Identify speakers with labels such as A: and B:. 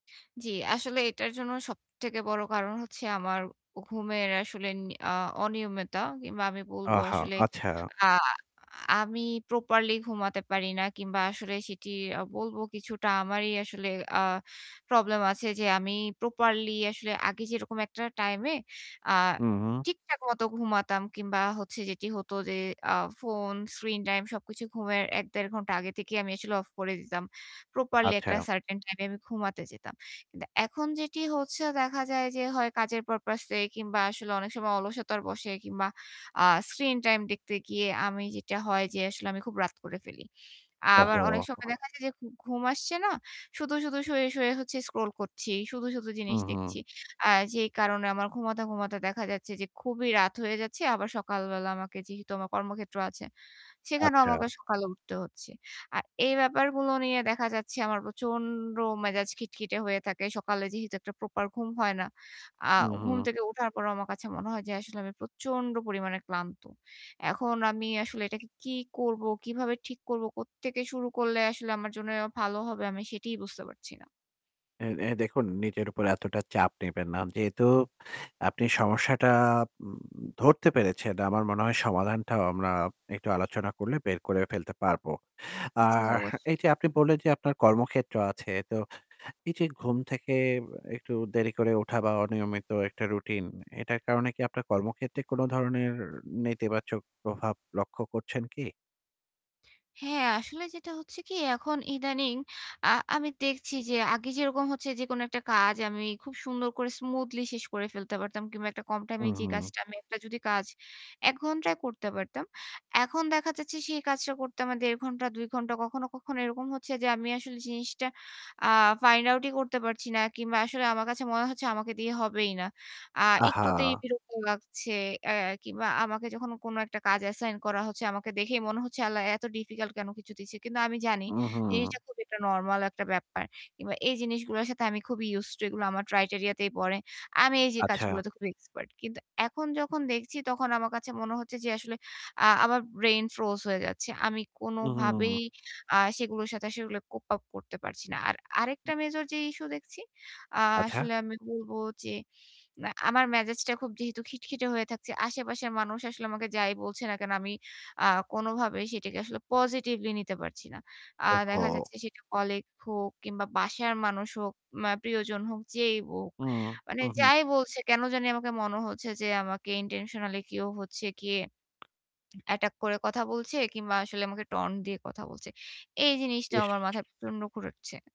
A: জ্বি। আসলে এটার জন্য সবথেকে বড় কারণ হচ্ছে আমার অ ঘুমের আসলে নি আ অনিয়মিতা। কিংবা আমি বলব
B: আহা!
A: আসলে
B: আচ্ছা।
A: আ আমি প্রপারলি ঘুমাতে পারি না। কিংবা আসলে সেটি আ বলব কিছুটা আমারই আসলে আ প্রবলেম আছে যে আমি প্রপারলি আসলে আগে যেরকম একটা টাইম এ আ
B: হু, হু।
A: ঠিকঠাক মত ঘুমাতাম কিংবা হচ্ছে যেটি হত যে আ ফোন স্ক্রিন টাইম সবকিছু ঘুমের ১-১.৫ ঘণ্টা আগে থেকেই আমি আসলে অফ করে দিতাম। প্রপারলি একটা
B: আচ্ছা।
A: সার্টেন টাইম এ আমি ঘুমাতে যেতাম। কিন্তু এখন যেটি হচ্ছে দেখা যায় যে হয় কাজের পারপোজ এ কিংবা আসলে অনেক সময় অলসতার বসে কিংবা আ স্ক্রিন টাইম দেখতে গিয়ে আমি যেটা হয় যে আসলে আমি খুব রাত করে ফেলি। আবার অনেক
B: ওহহো!
A: সময়
B: [unintelligible]
A: দেখা যায় যে ঘু ঘুম আসছে না। শুধু, শুধু শুয়ে, শুয়ে হচ্ছে স্ক্রল করছি। শুধু, শুধু
B: হু,
A: জিনিস
B: হু।
A: দেখছি। আ যেই কারণে আমার ঘুমাতে, ঘুমাতে দেখা যাচ্ছে যে খুবই রাত হয়ে যাচ্ছে আবার সকাল বেলা আমাকে যেহেতু আমার কর্মক্ষেত্র আছে, সেখানেও
B: আচ্ছা।
A: আমাকে সকালে উঠতে হচ্ছে। আর এই ব্যাপারগুলো নিয়ে দেখা যাচ্ছে আমার প্রচন্ড মেজাজ খিটখিটে হয়ে থাকে। সকালে যেহেতু একটা প্রপার ঘুম হয় না। আ
B: হু,
A: ঘুম
B: হু।
A: থেকে উঠার পরেও আমার কাছে মনে হয় যে আসলে আমি প্রচন্ড পরিমাণে ক্লান্ত। এখন আমি আসলে এটাকে কি করবো, কিভাবে ঠিক করব, কোত্থেকে শুরু করলে আসলে আমার জন্য ভালো হবে আমি সেটাই বুঝতে পারছি না।
B: এ দে দেখুন নিজের উপর এতটা চাপ নিবেন না। যেহেতু আপনি সমস্যাটা ব ধরতে পেরেছেন। আমার মনে হয় সমাধানটাও আমরা একটু আলোচনা করলে বের করে ফেলতে পারব।
A: জ্বি,
B: আর
A: অবশ্যই।
B: এইযে আপনি বললেন যে আপনার কর্মক্ষেত্র আছে। তো এইযে ঘুম থেকে একটু দেরি করে ওঠা বা অনিয়মিত একটা রুটিন। এটার কারণে কি আপনার কর্মক্ষেত্রে কোনো ধরনের নেতিবাচক প্রভাব লক্ষ্য করছেন কি?
A: হ্যাঁ আসলে যেটা হচ্ছে কি এখন ইদানিং আ আমি দেখছি যে আগে যেরকম হচ্ছে যেকোনো একটা কাজ আমি খুব সুন্দর করে স্মুথলি শেষ করে ফেলতে পারতাম কিংবা একটা কম টাইম এ
B: হুম,
A: যেই
B: হুম।
A: কাজটা আমি একটা যদি কাজ ১ ঘন্টায় করতে পারতাম। এখন দেখা যাচ্ছে সেই কাজটা করতে আমার ১.৫-২ ঘণ্টা কখনো, কখনো এরকম হচ্ছে যে আমি আসলে জিনিসটা আ ফাইন্ড আউট ই করতে পারছি না। কিংবা আসলে আমার কাছে মনে হচ্ছে আমাকে দিয়ে হবেই না। আ একটুতেই
B: আহা!
A: বিরক্ত লাগছে। এ কিংবা আমাকে যখন কোনো একটা কাজ অ্যাসাইন করা হচ্ছে আমাকে দেখেই মনে হচ্ছে আল্লাহ এত ডিফিকাল্ট কেনো কিছু দিছে। কিন্তু আমি জানি
B: হু, হু।
A: জিনিসটা খুবই একটা নরমাল একটা ব্যাপার। কিংবা এই জিনিসগুলোর সাথে আমি খুবই ইউস টু এগুলো আমার ক্রাইটেরিয়া তেই পড়ে। আমি এইযে
B: আচ্ছা।
A: কাজগুলোতে খুবই এক্সপার্ট। কিন্তু এখন যখন দেখছি তখন আমার কাছে মনে হচ্ছে যে আসলে আ আমার ব্রেইন ফ্রোজ হয়ে যাচ্ছে। আমি
B: উহু,
A: কোনোভাবেই
B: উহু।
A: আ সেগুলোর সাথে সেগুলো কোপ আপ করতে পারছি না। আর আরেকটা
B: উম
A: মেজর যে ইস্যু দেখছি আ
B: আচ্ছা।
A: আসলে আমি বলব যে আ আমার মেসেজটা যেহেতু খিটখিটে হয়ে থাকছে। আশেপাশের মানুষ আসলে আমাকে যাই বলছে না কেনো আমি আ কোনোভাবেই সেটাকে আসলে পজিটিভলি নিতে পারছি না। আ দেখা
B: ওহহো!
A: যাচ্ছে সেটা কলিগ হোক কিংবা বাসার মানুষ হোক, মা প্রিয়জন হোক, যেই হোক।
B: হুম,
A: মানে
B: হু, হুম।
A: যাই বলছে কেনো জানি আমাকে মনে হচ্ছে যে আমাকে ইনটেনশনালই কেউ হচ্ছে গিয়ে অ্যাটাক করে কথা বলছে কিংবা আসলে আমাকে taunt দিয়ে কথা বলছে। এই জিনিসটাও আমার
B: বেশ!
A: মাথায় প্রচণ্ড ঘুরেছে।